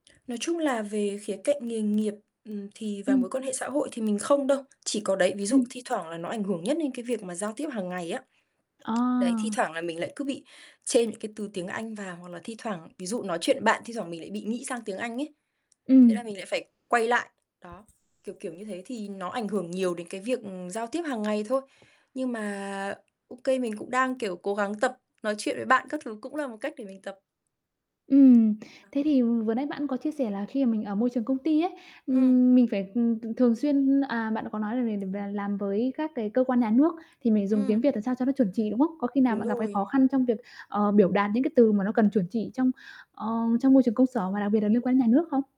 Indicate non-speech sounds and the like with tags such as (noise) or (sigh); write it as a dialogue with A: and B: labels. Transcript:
A: Nói chung là về khía cạnh nghề nghiệp, ừm, thì và mối
B: Ừm.
A: quan hệ xã hội thì mình không đâu. Chỉ có đấy, ví dụ
B: Ừm.
A: thi thoảng là nó ảnh hưởng nhất đến cái việc mà giao tiếp hàng ngày á. (tsk) Đấy, thi
B: À.
A: thoảng là mình lại cứ bị chêm những cái từ tiếng Anh vào hoặc là thi thoảng ví dụ nói chuyện bạn thi thoảng mình lại bị nghĩ sang tiếng Anh ấy. Thế
B: Ừm.
A: là mình lại phải quay lại. Đó, kiểu kiểu như thế, thì nó ảnh hưởng nhiều đến cái việc, ừm, giao tiếp hàng ngày thôi. Nhưng mà ô kê mình cũng đang, kiểu, cố gắng tập, nói chuyện với bạn các thứ cũng là một cách để mình tập.
B: Ừm,
A: À há.
B: thế thì vừa nãy bạn có chia sẻ là khi mà mình ở môi trường công ty ấy,
A: Ừm.
B: ừm, mình phải, ừm, thường xuyên à, bạn có nói là mình để và làm với các cái cơ quan nhà nước thì mình dùng tiếng
A: Ừm.
B: Việt làm sao cho nó chuẩn chỉ, đúng không? Có khi nào
A: Đúng
B: bạn gặp cái khó
A: rồi.
B: khăn trong việc, ờ, biểu đạt những cái từ mà nó cần chuẩn chỉ trong, ờ, trong môi trường công sở và đặc biệt là liên quan đến nhà nước không?